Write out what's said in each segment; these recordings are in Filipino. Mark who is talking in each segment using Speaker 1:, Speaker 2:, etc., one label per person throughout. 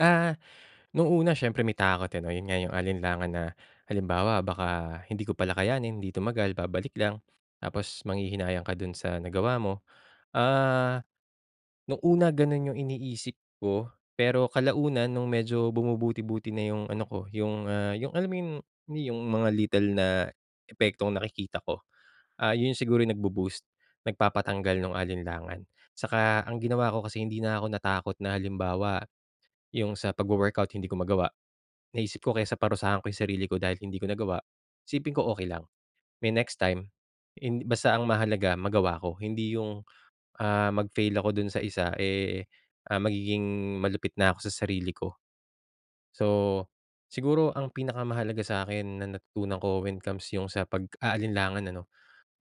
Speaker 1: Ah, no'ng una, siyempre, may takot, eh, 'no, 'yon nga 'yong alinlangan na halimbawa, baka hindi ko pala kayanin, 'di tumagal, babalik lang. Tapos manghihinayang ka do'n sa nagawa mo. Ah, no'ng una gano'n 'yong iniisip ko pero kalaunan no'ng medyo bumubuti-buti na 'yong ano ko, 'yong, ah, 'yong alam mo 'yong, ni yong mga little na epektong nakikita ko. Ah, 'yon siguro 'yong nagbu-boost, nagpapatanggal no'ng alinlangan. Saka ang ginawa ko kasi hindi na ako natakot na, halimbawa, 'yong sa pagwo-workout, hindi ko magawa. Naisip ko kaysa parusahan ko 'yong sarili ko dahil hindi ko nagawa, isipin ko okey lang, may next time, hind basta ang mahalaga magawa ko. Hindi 'yong, ah, mag-fail ako do'n sa isa, eh, ah, magiging malupit na ako sa sarili ko. So, siguro ang pinakamahalaga sa akin na natutunan ko, when it comes 'yong sa pag-aalinlangan, ano,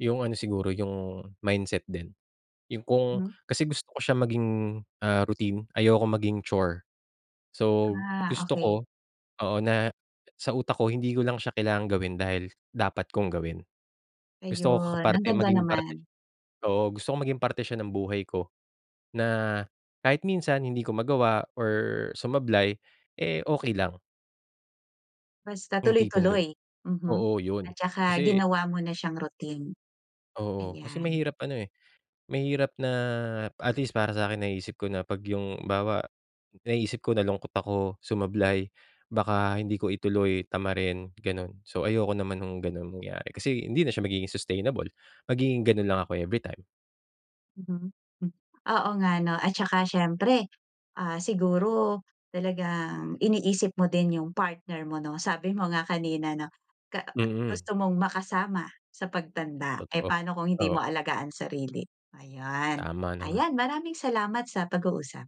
Speaker 1: 'yong ano, siguro 'yong mindset din. 'Yong kung
Speaker 2: Mhm.
Speaker 1: kasi gusto ko siyang maging, ah, routine, ayoko maging chore. So
Speaker 2: Ah,
Speaker 1: gusto ko
Speaker 2: okey.
Speaker 1: oo, na sa utak ko, hindi ko lang siya kailangang gawin dahil dapat kong gawin. Gusto ko ka
Speaker 2: Ayun, ang
Speaker 1: parte
Speaker 2: ganda
Speaker 1: maging parte
Speaker 2: naman.
Speaker 1: siya oo, gusto kong maging parte siya ng buhay ko na kahit minsan hindi ko magawa or sumablay, eh, okey lang.
Speaker 2: Basta
Speaker 1: 'Yong tipong gan
Speaker 2: tuloy-tuloy. Mhm.
Speaker 1: oo, 'yon.
Speaker 2: At saka
Speaker 1: Kasi
Speaker 2: ginawa mo na siyang routine.
Speaker 1: Oo, kasi
Speaker 2: Ayan.
Speaker 1: mahirap, ano, eh, mahirap na at least para sa akin, naiisip ko na 'pag 'yong halimbawa, naiisip ko, nalungkot ako, sumablay, baka hindi ko ituloy, tamarin, gano'n. So, ayoko naman no'ng gano'n mangyari kasi hindi na siya magiging sustainable, magiging gano'n lang ako every time.
Speaker 2: Mhm. M oo nga, 'no, at saka, siyempre, ah, siguro talagang iniisip mo din 'yong partner mo, 'no? Sabi mo nga kanina, 'no, ka
Speaker 1: Mm.
Speaker 2: gusto mong makasama sa pagtanda. Eh,
Speaker 1: Totoo,
Speaker 2: paano kung hindi mo
Speaker 1: oo.
Speaker 2: alagaan sarili? Ayun.
Speaker 1: Tama naman.
Speaker 2: Ayan, maraming salamat sa pag-uusap.